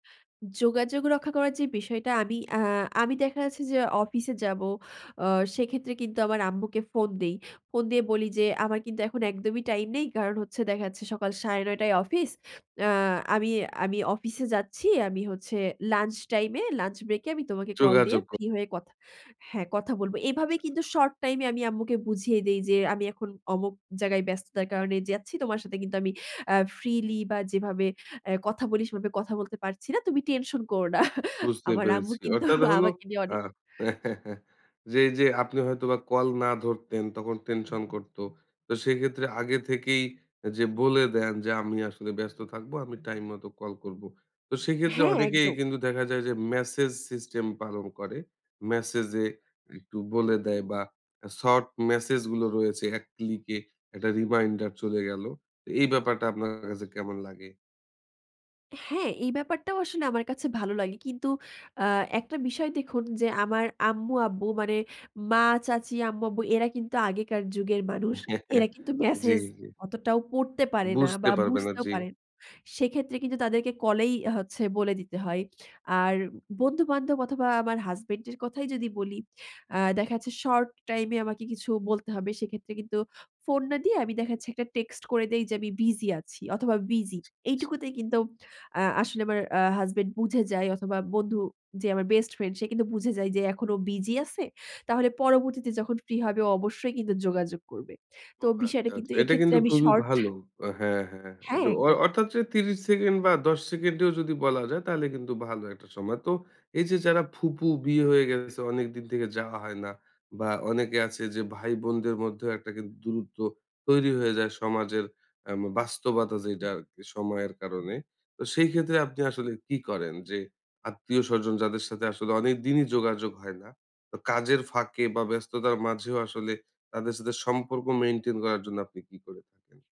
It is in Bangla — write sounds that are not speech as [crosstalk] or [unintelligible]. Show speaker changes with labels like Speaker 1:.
Speaker 1: যোগাযোগ রক্ষা করার যে বিষয়টা আমি আ আমি দেখা যাচ্ছে যে অফিসে যাবো আ সেক্ষেত্রে কিন্তু আমার আম্মুকে ফোন দেই। ফোন দিয়ে বলি যে আমার কিন্তু এখন একদমই টাইম নেই কারণ হচ্ছে দেখা যাচ্ছে সকাল ৯:৩০ টায় অফিস, আ আমি, আমি, অফিসে যাচ্ছি, আমি হচ্ছে লঞ্চ টাইম এ, লঞ্চ ব্রেক এ আমি তোমাকে কল দিয়ে
Speaker 2: যোগাযোগ ক
Speaker 1: ফ্রি হয়ে কথা হ্যাঁ কথা বলব। এভাবে কিন্তু
Speaker 2: [unintelligible]
Speaker 1: শর্ট টাইম এ আমি আম্মুকে বুঝিয়ে দেই যে আমি এখন অমুক জায়গায় ব্যস্ততার কারণে যাচ্ছি। তোমার সাথে কিন্তু আমি অ্যা ফ্রিলি বা যেভাবে অ্যা কথা বলি সেভাবে কথা বলতে পারছি না, তুমি টেনশন করো না [chuckles]
Speaker 2: বুঝতে
Speaker 1: আমার আম্মু
Speaker 2: পেরেছি।
Speaker 1: কিন্তু
Speaker 2: অর্থাৎ হলো,
Speaker 1: আমাকে নিয়ে
Speaker 2: আ
Speaker 1: অনে
Speaker 2: [chuckles] যে এই যে আপনি হয়তো বা কল না ধরতেন তখন টেনশন করত। তো সেক্ষেত্রে আগে থেকেই যে বলে দেন যে আমি আসলে ব্যস্ত থাকবো, আমি টাইম মতো কল করব। তো সেক্ষেত্রে
Speaker 1: হ্যাঁ,
Speaker 2: অনেকেই
Speaker 1: একদম।
Speaker 2: কিন্তু দেখা যায় যে মেসেজ সিস্টেম পালন করে। মেসেজ এ একটু বলে দেয় বা শর্ট মেসেজ গুলো রয়েছে এক ক্লিকে একটা রিমাইন্ডার চলে গেল। এই ব্যাপারটা আপনার কাছে কেমন লাগে?
Speaker 1: হ্যাঁ, এই ব্যাপারটাও আসলে আমার কাছে ভালো লাগে। কিন্তু আ একটা বিষয় দেখুন যে আমার আম্মু-আব্বু মানে মা চাচী আম্মু-আব্বু এরা কিন্তু আগেকার যুগের মানুষ। এরা
Speaker 2: [chuckles]
Speaker 1: কিন্তু
Speaker 2: জ্বী।
Speaker 1: মেসেজ অতটাও পড়তে পারে না
Speaker 2: বুঝতে
Speaker 1: বা
Speaker 2: পারবে না
Speaker 1: বুঝতেও
Speaker 2: জ্বী।
Speaker 1: পারে, সেক্ষেত্রে কিন্তু তাদেরকে কলেই হচ্ছে বলে দিতে হয়। আর বন্ধু-বান্ধব অথবা আমার হাসব্যান্ড এর কথাই যদি বলি আ দেখা যাচ্ছে শর্ট টাইম এ আমাকে কিছু বলতে হবে সেক্ষেত্রে কিন্তু ফোন না দিয়ে আমি দেখাচ্ছি একটা টেক্সট করে দেই যে আমি বিজি আছি অথবা বিজি, এইটুকুতেই কিন্তু আ আসলে আমার আ হাসব্যান্ড বুঝে যায় অথবা বন্ধু যে আমার বেস্ট ফ্রেন্ড সে কিন্তু বুঝে যায় যে এখন ও বিজি আছে, তাহলে পরবর্তীতে যখন ফ্রি হবে ও অবশ্যই কিন্তু যোগাযোগ করবে।
Speaker 2: ও
Speaker 1: তো বিষয়টা
Speaker 2: আচ্ছা, আচ্ছা।
Speaker 1: কিন্তু
Speaker 2: [smacks lips] এটা
Speaker 1: এক্ষেত্রে
Speaker 2: কিন্তু
Speaker 1: আমি
Speaker 2: খুবই
Speaker 1: শর্ট।
Speaker 2: ভালো। আ হ্যাঁ, হ্যাঁ,
Speaker 1: হ্যাঁ
Speaker 2: যে অ
Speaker 1: একদম।
Speaker 2: অর্থাৎ যে ৩০ সেকেন্ড বা ১০ সেকেন্ডেও যদি বলা যায় তাহলে কিন্তু ভালো একটা সময়। তো এই যে যারা ফুফু বিয়ে হয়ে গেছে অনেকদিন থেকে যাওয়া হয় না, বা অনেকে আছে যে ভাই বোনদের মধ্যেও একটা কিন্তু দূরত্ব তৈরি হয়ে যায় সমাজের অ্যাম বাস্তবতা যেইটা আরকি সময়ের কারণে। তো সেই ক্ষেত্রে আপনি আসলে কি করেন? যে আত্মীয়স্বজন যাদের সাথে আসলে অনেক দিনই যোগাযোগ হয় না? কাজের ফাঁকে বা ব্যস্ততার মাঝেও আসলে তাদের সাথে সম্পর্ক মেইনটেইন করার জন্য আপনি কি করে থাকেন?